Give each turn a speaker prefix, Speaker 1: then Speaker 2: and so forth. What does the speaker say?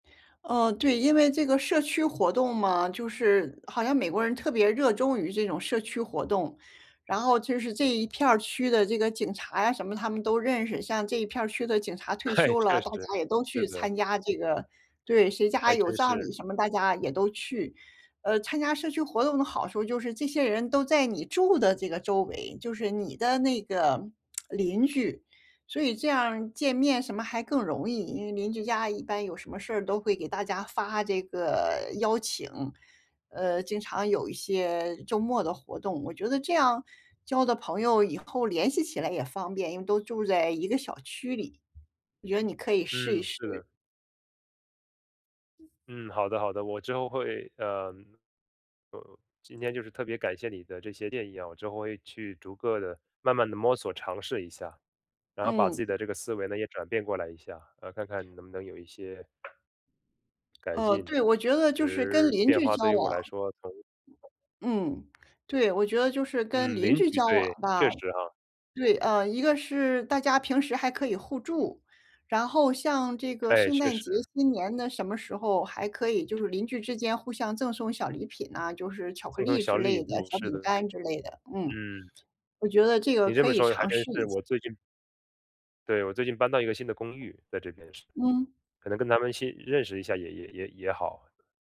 Speaker 1: 哦，对，因为这个社区活动嘛，就是好像美国人特别热衷于这种社区活动。然后就是这一片儿区的这个警察呀什么他们都认识，像这一片儿区的警察退
Speaker 2: 嘿，
Speaker 1: 休
Speaker 2: 确
Speaker 1: 了，大
Speaker 2: 实，
Speaker 1: 家也都
Speaker 2: 是
Speaker 1: 去
Speaker 2: 的。
Speaker 1: 参加这个对，谁家
Speaker 2: 还
Speaker 1: 有
Speaker 2: 真
Speaker 1: 葬礼
Speaker 2: 是。
Speaker 1: 什么，大家也都去。呃，参加社区活动的好处就是这些人都在你住的这个周围，就是你的那个 邻居，所以这样儿见面什么还更容易，因为邻居家一般有什么事儿都会给大家发这个邀请，呃，经常有一些周末的活动。我觉得这样，交的朋友以后联系起来也方便，因为都住在一个小区里。我觉得你可以试一
Speaker 2: 嗯，
Speaker 1: 试。
Speaker 2: 是的。嗯，好的好的，我之后会嗯，呃，今天就是特别感谢你的这些建议啊，我之后会去逐个地慢慢地摸索、尝试一下，然后把自
Speaker 1: 嗯。
Speaker 2: 己的这个思维呢，也转变过来一下，呃，然后看看能不能有一些改
Speaker 1: 呃，
Speaker 2: 进，
Speaker 1: 对，我觉得
Speaker 2: 其
Speaker 1: 就是跟
Speaker 2: 实
Speaker 1: 邻
Speaker 2: 变
Speaker 1: 居
Speaker 2: 化对
Speaker 1: 交
Speaker 2: 于我
Speaker 1: 往
Speaker 2: 来说从 [unintelligible]
Speaker 1: 嗯，对，我觉得就是跟
Speaker 2: 嗯，
Speaker 1: 邻
Speaker 2: 邻
Speaker 1: 居
Speaker 2: 居，
Speaker 1: 交往
Speaker 2: 对，
Speaker 1: 吧
Speaker 2: 确实哈。
Speaker 1: 对，嗯，一个是大家平时还可以互助，然后像这个
Speaker 2: 哎，
Speaker 1: 圣
Speaker 2: 确
Speaker 1: 诞节、
Speaker 2: 实。
Speaker 1: 新年的什么时候还可以就是邻居之间互相赠送小礼品啊，就是巧克
Speaker 2: 赠送
Speaker 1: 力之
Speaker 2: 小礼
Speaker 1: 类的，
Speaker 2: 物，
Speaker 1: 小
Speaker 2: 是
Speaker 1: 饼
Speaker 2: 的。
Speaker 1: 干之类的，嗯，
Speaker 2: 嗯。
Speaker 1: 我觉得这个
Speaker 2: 你这
Speaker 1: 可
Speaker 2: 么
Speaker 1: 以
Speaker 2: 说还
Speaker 1: 尝
Speaker 2: 真
Speaker 1: 试
Speaker 2: 是，
Speaker 1: 一下。
Speaker 2: 我最近对，我最近搬到一个新的公寓，在这边是。
Speaker 1: 嗯。
Speaker 2: 可能跟他们先认识一下也也也也好。